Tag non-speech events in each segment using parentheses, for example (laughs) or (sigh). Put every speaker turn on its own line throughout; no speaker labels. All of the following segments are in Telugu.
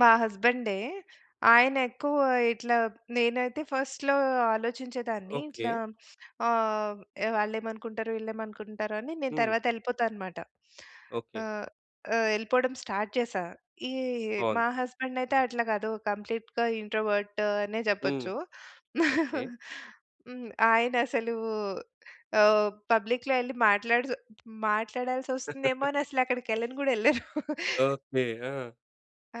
మా హస్బెండే. ఆయనెక్కువ ఇట్లా నేనైతే ఫస్ట్‌లో ఆలోచించేదాన్ని.
ఓకే.
ఇట్లా ఆహ్, వాళ్ళేమనుకుంటారో వీళ్ళేమనుకుంటారో అని నేను
హ్మ్.
తరువాత యెళ్ళిపోతా అనమాట.
ఓకే.
ఆహ్, ఆహ్, యెళ్ళిపోడం స్టార్ట్ చేశా. ఈ మా
బావుంది.
హస్బెండయితే అట్లా కాదు. కంప్లీట్‌గా ఇంట్రోవర్టు అనే
హ్మ్.
జెప్పొచ్చు.
ఓకే.
(chuckles) హ్మ్. ఆయనసలు ఆహ్, పబ్లిక్‌లో యెళ్లి మాట్లాడిసొ మాట్లాడాల్సొస్తుందేమో అనసలు
(laughs)
అక్కడికెళ్ళను గూడా యెళ్ళరు. (chuckles)
ఓకే. ఆ!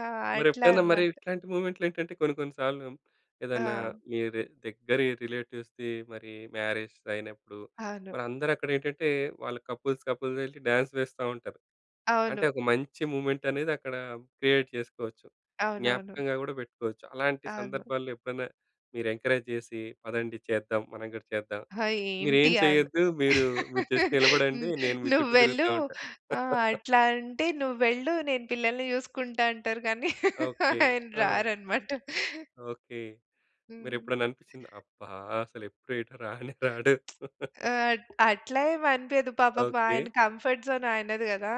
ఆ! అట్లా
మరెప్పుడైనా మరి
అనమాట.
ఇట్లాంటి మూమెంట్‌లో ఏంటంటే కొన్ని కొన్ని సార్లు ఏదన్నా
ఆ!
మీది దగ్గరి రిలేటివ్స్‌ది మరి మ్యారేస్ అయినప్పుడు
అవును.
మరి అందరక్కడేంటంటే వాళ్ళు కపుల్స్ కపుల్‌గా యెళ్లి డాన్స్ వేస్తా ఉంటారు.
అవును.
అంటే ఒక మంచి మూమెంటనేదక్కడా క్రియేట్ చేసుకోవచ్చు.
అవునవును.
జ్ఞాపకంగా గూడా పెట్టుకోవచ్చు. అలాంటి
అవును.
సందర్భాల్లో ఎప్పుడైనా మీరెంకరేజ్ చేసి పదండి చేద్దాం. మనం కూడా చేద్దాం.
ఆ!
మీరేం
ఏంటి ఆన్
చేయొద్దు. మీరు, మీరు జస్ట్
(laughs) న్
నిలబడండి నేను మీ చుట్టూ
నువ్వెళ్ళు
తిరుగుతా ఉంటా.
ఆహ్,
(laughs)
అట్లా అంటే, "నువ్వెళ్ళు. నేను పిల్లల్ని చూసుకుంటా" అంటారు గానీ
ఓకే.
(laughs) ఆయన
ఆ!
రారనమాట.
ఓకే.
హ్మ్.
మీరెప్పుడన్నా అనిపిచ్చిందా? అబ్బా! అసలెప్పుడు ఎటు రానే రాడు.
(smacks lips)
(laughs)
ఆ! అట్లా ఏమనిపీయదు పాపం.
ఓకే.
ఆయన కంఫర్ట్ జోన్ ఆయనది కదా!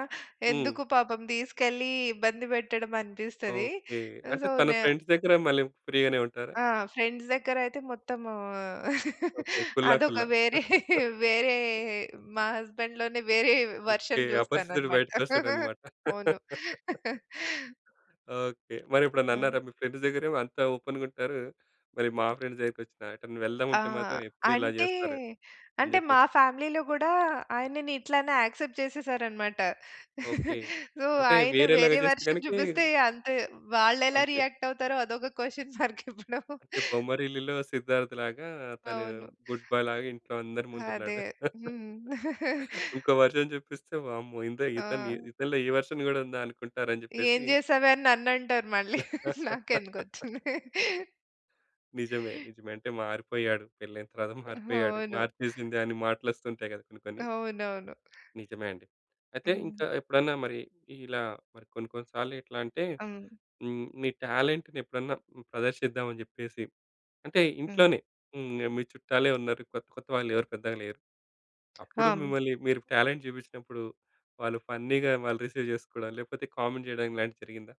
హ్మ్.
ఎందుకు పాపం తీసుకెళ్ళి ఇబ్బంది పెట్టడమనిపిస్తది.
ఓకే. అంటే
సో,
తను
నే
ఫ్రెండ్స్ దగ్గర మళ్ళీ ఫ్రీగానే ఉంటారా?
ఆ! ఫ్రెండ్స్ దగ్గరయితే మొత్తము
ఓకే. కుల్లా.
అదొక
కుల్లా.
వేరే, వేరే
(chuckles)
మా హస్బెండ్‌లోనే వేరే
ఓకే.
వర్షన్
అపరిచితుడు
జూస్తాననమాట.
బయటికొస్తాడనమాట.
అవును.
(laughs) ఓకే. మరెప్పుడన్నా
ఆ!
అన్నారా? "మీ ఫ్రెండ్స్ దగ్గరేమో అంత ఓపెన్‌గుంటారు. మరి మా ఫ్రెండ్స్ దగ్గరికొచ్చినా, ఎటన్న
ఆ!
వెళ్దామంటే మాత్రం ఎప్పుడు ఇలా
అంటే
జేస్తారు" అని
అంటే
జెప్పేసి.
మా ఫ్యామిలీలో గూడా ఆయనని ఇట్లనే యాక్సెప్ట్ చేసేసారనమాట.
ఓకే.
(chuckles) సో,
అంటే
ఆయన
వేరేలాగా
వేరే
చేస్తే
వర్షన్
గనకేవ్
జూపిస్తే అంతే. వాళ్ళెలా
అంతే.
రియాక్టవుతారో అదొక క్వెషన్ మార్కిప్పుడు.
అంటే బొమ్మరిల్లులో సిద్ధార్థ్‌లాగా తను
అవును.
గుడ్ బాయ్‌ లాగా ఇంట్లో అందరి
అదే.
ముందున్నాడు. (chuckles)
హ్మ్. (chuckles)
ఇంకో వర్షన్ చూపిస్తే వామ్మో! ఇంద ఇతన్
ఆ!
ఇతనిలో ఈ వర్షన్ గూడా ఉందా అనుకుంటారని
ఏం
జెప్పేసి
జేసావే? అని నన్నంటారు మళ్ళీ.
(laughs)
నాకెందుకొచ్చింది.
నిజమే. నిజమే. అంటే, "మారిపోయాడు, పెళ్లయిన తర్వాత మారిపోయాడు,
అవును.
మార్చేసింది" అని మాటలొస్తుంటాయి కదా! కొన్ని కొన్ని.
అవునవును.
నిజమే అండి. అయితే ఇంకా
హ్మ్.
ఎప్పుడన్నా మరి ఇలా మరి కొన్ని కొన్ని సార్లెట్లంటే
హ్మ్.
హ్మ్, మీ టాలెంట్‌నెప్పుడన్నా ప్రదర్శిద్దాం అని జెప్పేసి అంటే
హ్మ్.
ఇంట్లోనే హ్మ్. మీ చుట్టాలే ఉన్నారు. కొత్త కొత్త వాళ్ళెవరు పెద్దగా లేరు.
ఆ!
అప్పుడు
హ్మ్.
మిమ్మల్ని మీరు టాలెంట్ జూపిచ్చినప్పుడు వాళ్ళు ఫన్నీగా వాళ్ళు రిసీవ్ జేసుకోడం లేకపోతే కామెంట్ జేయడం ఇలాంటివి జరిగిందా?